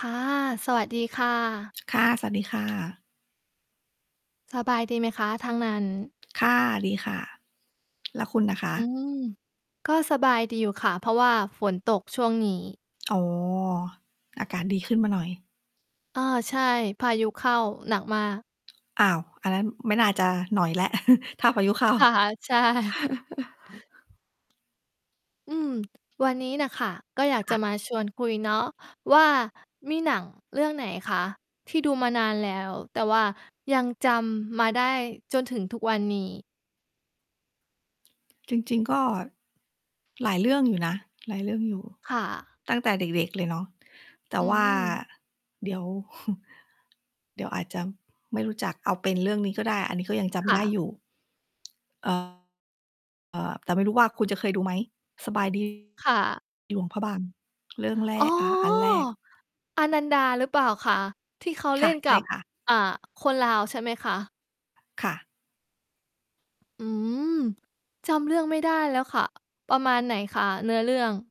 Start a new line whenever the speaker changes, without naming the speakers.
ค่ะ สวัสดีค่ะ
ค่ะ สวัสดี ค่ะ
สบายดีไหมคะ ทางหนั่น
ค่ะ ดีค่ะ แล้วคุณอะคะ?
อืม ก็สบายดีอยู่ค่ะ เพราะว่าฝนตกช่วงนี้
อ๋อ อากาศดีขึ้นมาหน่อย
อา ใช่ พายุเข้าหนักมาก
อ้าว อันนั้นไม่น่าจะหน่อยแล้ว ถ้าพายุเข้า
ค่ะ ใช่ อืม วันนี้น่ะค่ะ ก็อยาก
ค
จ
่
ะ
ะ
มาชวนคุยเนาะว่า มีหนังเรื่องไหนคะ ที่ดูมานานแล้ว แต่ว่ายังจำมาได้จนถึงทุกวันนี้?
จริง ๆ ก็ หลายเรื่องอยู่นะ หลายเรื่องอยู่
ค่ะ
ตั้งแต่เด็ก ๆ เลยเนาะ แต่
อื
ว่า
ม
เดี๋ยว เดี๋ยวอาจจะไม่รู้จัก เอาเป็นเรื่องนี้ก็ได้ อันนี้ก็ยังจ
ค
ำ
่
ได้
ะ
อยู่ เอ่อ เอ่อ แต่ไม่รู้ว่าคุณจะเคยดูไหม? สบาย ดี
ค่ะ
หลวงพระบาง เรื่องแร
อ๋อ
ก อ่า อันแรก
อนันดาหรือเปล่าคะ? ที่เขา
ค
เล่
่ะ
น
ใ
ก
ช่
ับ
ค่ะ
อ่า คนลาวใช่ไหมคะ?
ค่ะ
อืม จำเรื่องไม่ได้แล้วค่ะ ประมาณไหนคะ เนื้อเรื่อง?